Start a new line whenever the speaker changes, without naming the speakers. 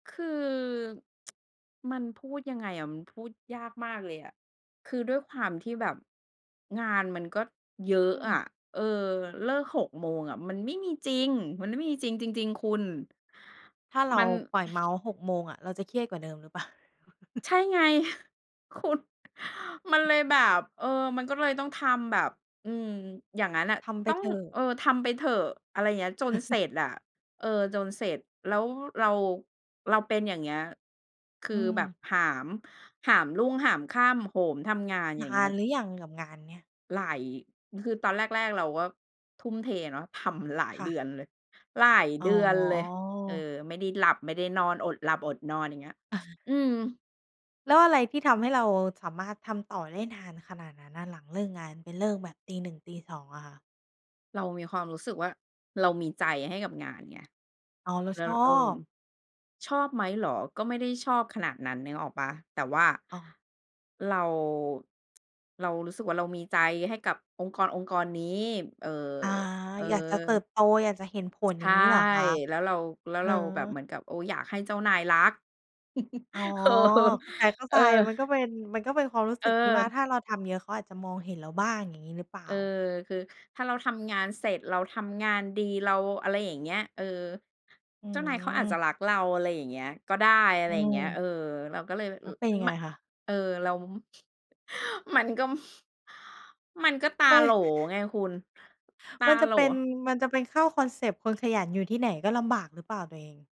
คือ มันพูดยังไงอะ มันพูดยากมากเลยอะ คือด้วยความที่แบบงานมันก็เยอ
อ
ะ
ื
อะ
ม
เออ เลิก 6 โมงอะมันไม่มีจริง มันไม่มีจริง จริง ๆ คุณ
ถ้าเร
ม
า
ัน
ปล่อยเมาส์ 6 โมงอะ เราจะเครียดกว่าเดิมหรือเปล่า?
ใช่ไง คุณ มันเลยแบบ เออ มันก็เลยต้องทำแบบ อืม อย่างงั้นน่ะ
ทำไป
ต้อง
เถอะ
เออ ทำไปเถอะ อะไรอย่างเงี้ย จนเสร็จอะ เออ จนเสร็จ แล้วเรา เราเป็นอย่างเงี้ย คือ
อื
แบบ
ม
หาม หามรุ่งหามค่ำ โหมทำงาน อ
น
ย่างเงี
า
้
น
ย
หรือยังกับงานเนี้ย?
หลาย คือตอนแรก ๆ เราก็ทุ่มเทเนาะ ทำหลาย
ค่
เด
ะ
ือนเลย หลาย
อ
เด
๋
ือนเลย เอ
อ
อ ไม่ได้หลับไม่ได้นอน อดหลับอดนอน อย่างเงี้ย
อา
อืม
แล้วอะไรที่ทำให้เราสามารถทำต่อได้นานขนาดนั้นน่ะหลังเลิกงาน ไปเลิกแบบตี 1 ตี 2 อะค่ะ?
เรามีความรู้สึกว่าเรามีใจให้กับงานไง
อ๋อ เรา
แล้
ช
ว
อ
เออ
บ
ชอบไหมเหรอ ก็ไม่ได้ชอบขนาดนั้นนึกออกเปล่า แต่ว่า
อ๋อ
เรา เรารู้สึกว่าเรามีใจให้กับองค์กรองค์กรนี้ เอ่อ
อา
เอ
อยากจะเติ
อ
บโต อยากจะเห็นผล
ใ
อ
ช
ย่า
่
งงี้เหรอคะ?
แล้วเรา แล้
เ
ว
ออ
เราแบบเหมือนกับ โอ้ อยากให้เจ้านายรัก
อ๋อ
เออ
เข้า
เอ
ใจ
อ
ๆ มันก็เป็น มันก็เป็นความรู้สึกที่ว่า
เออ
ถ้าเราทำเยอะ เขาอาจจะมองเห็นเราบ้าง อย่างงี้หรือเปล่
เ
า?
อ่อ คือถ้าเราทำงานเสร็จ เราทำงานดี เรา อะไรอย่างเงี้ย เออ
อื
เจ้านายเขาอาจจ
ม
ะรักเรา อะไรอย่างเงี้ย ก็ได้ อะไ
อื
รอย่างเงี้ย
ม
เออ เราก็เลย
แล
อื
้วเป็นย
ม
ังไ
ม
งคะ?
เออ เรา มันก็ มันก็ตา
ไม
โหล
่
ไงคุณ ตา
มันจ
โ
ะ
หล
เป็น มันจะเป็นเข้าคอนเซปต์ "คนขยันอยู่ที่ไหนก็ลำบาก" หรือเปล่าตัวเอง?